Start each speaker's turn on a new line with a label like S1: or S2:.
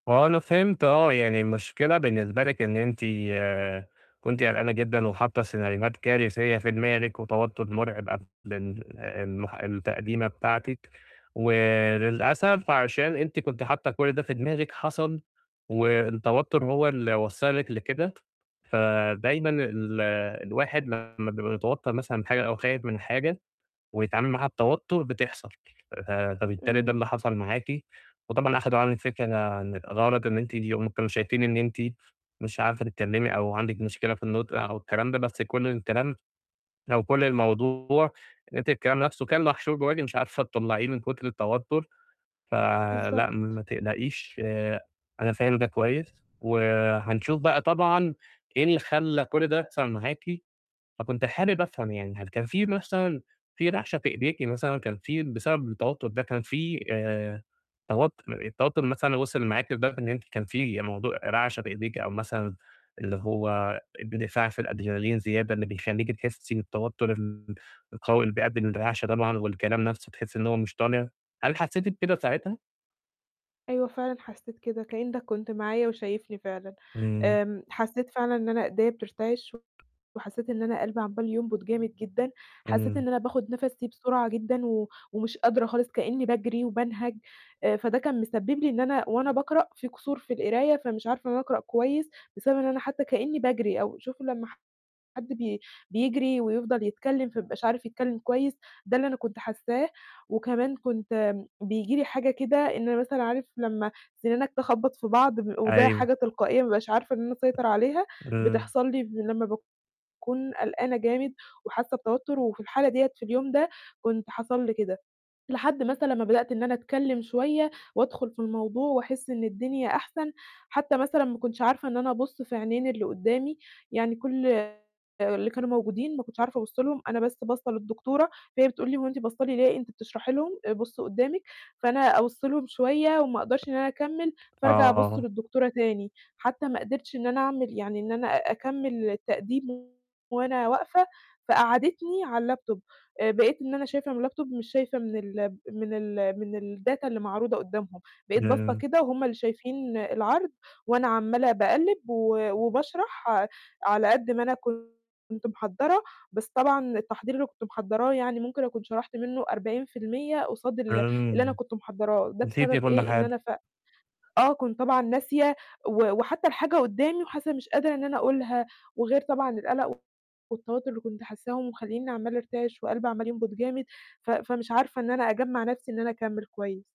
S1: هو أنا فهمت آه، يعني المشكلة بالنسبة لِك إن أنتِ آآ كنت قلقانة جدًا وحاطّة سيناريوهات كارثية في دماغِك، وتوتر مرعب قبل ال المح التقديمة بتاعتِك، وللأسف عشان أنتِ كنتِ حاطّة كُلّ ده في دماغِك حصل، والتوتر هو اللي وصّلك لكده فدايمًا ال الواحد لمّا بيتوتر مثلًا حاجة أو خايف من حاجة، ويتعامل معاها بتوتر بتحصل، ف فبالتالي ده
S2: إمم.
S1: اللي حصل معاكِ وطبعا أخدوا عنِّك فكرة غلط إن أنتِ هم كانوا شايفين إن أنتِ مش عارفة تتكلّمي أو عندِك مشكلة في النُطق أو الكلام ده، بس كُلّ الكلام أو كُلّ الموضوع إن أنتِ الكلام نفسه كان محشور جواكِ مش عارفة تطلّعيه من كُتر التوتر، ف لأ ما
S2: بالضبط.
S1: تقلقيش، أنا فاهم ده كويس، وحنشوف بقى طبعًا إيه اللي خلّى كُلّ ده يحصل معاكِ، فكنت حابب أفهم يعني هل كان في مثلًا في رعشة في إيديكِ مثلًا كان في بسبب التوتر ده، كان في آآ، توت التوتر مثلًا وصل معاكِ لدرجة إن أنتِ كان في موضوع رعشة في إيديكِ أو مثلًا اللي هو اندفاع في الأدرينالين زيادة اللي بيخليكِ تحسي بالتوتر ال القوي اللي بيؤدي للرعشة طبعًا والكلام نفسُه تحسي إن هو مش طالع؟ هل حسيتِ بكده ساعتها؟
S2: أيوه فعلًا، حسيت كده كأنك كنت معايا وشايفني فعلًا،
S1: إمم.
S2: امم حسيت فعلًا إن أنا إيديا بترتِعِش وحسيت إن أنا قلبي عمال ينبُض جامد جدًا، حسيت
S1: إمم.
S2: إن أنا باخد نَفَسي بسرعة جدًا، و ومش قادرة خالص كأني باجري وبانهج، أ فده كان مسبّب لي إن أنا وأنا باقرأ في قصور في القراية فمش عارفة إن أنا أقرأ كويس، بسبب إن أنا حتى كأني باجري، أو شوف لمّا حد بي بيجري ويفضل يتكلِّم فمايبقاش عارف يتكلّم كويس، ده اللي أنا كنت حاساه، وكمان كنت بييجي لي حاجة كده إن أنا مثلًا عارف لمّا سِنانك تخبَّط في بعض، ب وده
S1: أيوه.
S2: حاجة تلقائية ما بابقاش عارفة إن أنا أسيطر عليها،
S1: إمم.
S2: بتحصل لي لمّا باكون قلقانة جامد، وحاسة بتوتر وفي الحالة ديَّة في اليوم ده، كنت حصل لي كده، لحد مثلًا ما بدأت إن أنا أتكلم شوية وأدخل في الموضوع، وأحس إن الدنيا أحسن حتى مثلًا ما كُنتش عارفة إن أنا أبُصّ في عينين اللي قُدّامي، يعني كُلّ اللي كانوا موجودين ما كنتش عارفة أبُصّ لهم، أنا بس باصّة للدكتورة، فهي بتقول لي هو أنت باصة لي ليه؟ أنتِ بتشرحي لهم بُصّي قُدّامِك فأنا أبُصّ لهم شوية وما أقدرش إن أنا أكمِّل، فأرجع أبُصّ
S1: آه.
S2: للدكتورة تاني، حتى ما قدرتش إن أنا أعمل يعني إن أنا أكمّل التقديم وأنا واقفة، فقعدِّتني على اللابتوب، آآ بقيت إن أنا شايفة من اللابتوب مش شايفة من ال من ال من الdata اللي معروضة قُدّامهم، بقيت باصّة
S1: إمم.
S2: كده وهم اللي شايفين العَرْض، وأنا عمالة باقلِّب و وباشرح على قد ما أنا كنت محضّرة، بس طبعًا التحضير اللي كنت محضّراه يعني ممكن أكون شرحت منه 40% قصاد اللي اللي أنا
S1: إمم.
S2: كنت محضّراه، ده
S1: نسيتِ
S2: بسبب
S1: كُلّ
S2: إيه إن
S1: حاجة.
S2: أنا ف آه كنت طبعًا ناسية و وحتى الحاجة قُدّامي وحاسة إن مش قادرة إن أنا أقولها وغير طبعًا القَلَق والتوتر اللي كنت حاساهم، ومخلييني عمالة أرتعش وقلبي عمال ينبُض جامد ف فمش عارفة إن أنا أجمّع نفسي إن أنا أكمِّل كويس.